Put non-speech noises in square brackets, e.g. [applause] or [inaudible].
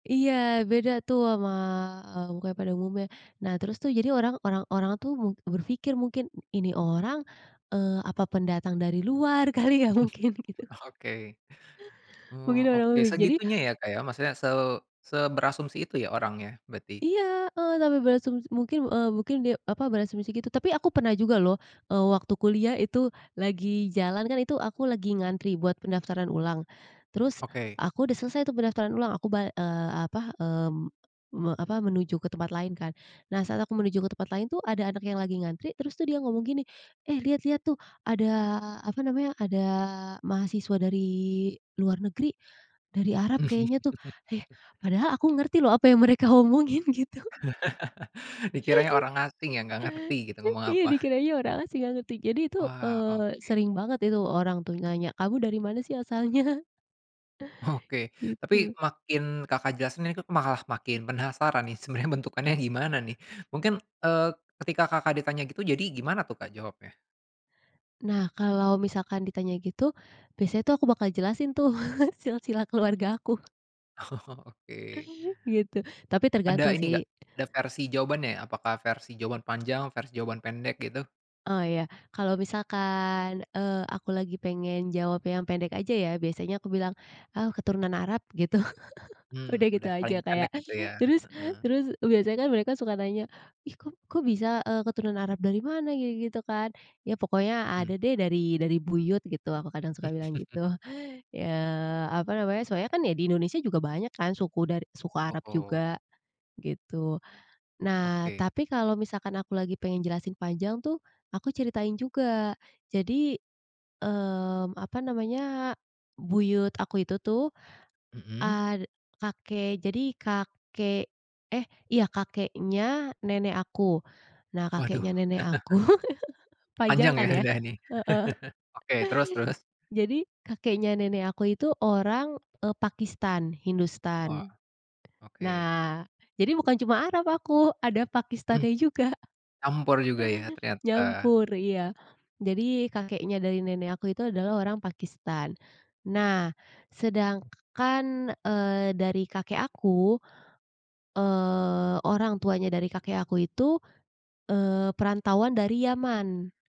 Iya beda tuh sama, eee, mukanya pada umumnya. Nah terus tuh jadi orang orang-orang tuh be berpikir mungkin, ini orang, eee, apa pendatang dari luar kali ya mungkin gitu. [chuckles] Oke. Oh, Mungkin orang oke mi jadi segitunya ya Kak ya, maksudnya se seberasumsi itu ya orangnya berarti? Iya heeh, sampe berasumsi mungkin, eee, mungkin dia, apa, berasumsi gitu, tapi aku pernah juga loh, eee, waktu kuliah itu lagi jalan kan, itu aku lagi ngantri buat pendaftaran ulang, terus Oke. aku udah selesai tuh pendaftaran ulang, aku ba eee, apa, eee, me apa menuju ke tempat lain kan. Nah saat aku menuju ke tempat lain tuh ada anak yang lagi ngantri, terus tuh dia ngomong gini, "Eh liat liat tuh ada apa namanya, ada mahasiswa dari luar negeri, dari Arab kayaknya tuh!" eh [chuckles] padahal aku ngerti loh apa yang mereka omongin gitu. [chuckles] Dikiranya [chuckles] orang asing yang gak ngerti gitu, [chuckles] ngomong Iya apa. dikiranya orang asing, nggak ngerti, jadi itu, Wah, eee, oke. sering banget itu orang tuh nanya, "Kamu dari mana sih asalnya?" [chuckles] Oke, tapi Gitu. makin Kakak jelasin itu malah makin penasaran nih, sebenarnya bentukannya gimana nih mungkin, eee, ketika Kakak ditanya gitu, jadi gimana tuh Kak jawabnya? Nah kalau misalkan ditanya gitu, biasanya tuh aku bakal jelasin tuh [chuckles] silsilah keluarga aku. Oh oke. Gitu, tapi Ada tergantung ini sih. gak, ada versi jawabannya? Apakah versi jawaban panjang versi jawaban pendek gitu? Oh ya, kalau misalkan, eee, aku lagi pengen jawab yang pendek aja ya, biasanya aku bilang, "Aku keturunan Arab," gitu, [chuckles] Hmm, udah gitu udah aja, paling pendek kayak gitu ya? terus Heeh. terus biasanya kan mereka suka nanya, "Ih kok kok bisa, eee, keturunan Arab dari mana?" Gitu-gitu kan. Ya pokoknya Mhm. ada deh, dari dari buyut gitu, aku kadang suka bilang gitu. [chuckles] Ya apa namanya, soalnya kan di Indonesia juga banyak kan suku dar suku Arab Oh. juga. Gitu. Nah, Oke. tapi kalau misalkan aku lagi pengen jelasin panjang tuh, aku ceritain juga. Jadi, mmm, apa namanya, buyut aku itu tuh, Mhm. eee, kakek jadi, kakek eh iya kakeknya nenek aku, nah Waduh. kakeknya nenek aku [chuckles] [chuckles] panjang Panjang ya kan ya? udah ini. Heeh. [chuckles] Oke terus terus? Jadi kakeknya nenek aku itu orang, eee, Pakistan, Wah Hindustan. oke. Nah jadi bukan cuma Arab aku, ada Mmm. Pakistannya juga. Campur juga ya ternyata. Nyampur, iya jadi. Kakeknya dari nenek aku itu adalah orang Pakistan nah sedangkan, eee, dari kakek aku, eee, orang tuanya dari kakek aku itu, eee, perantauan dari Yaman.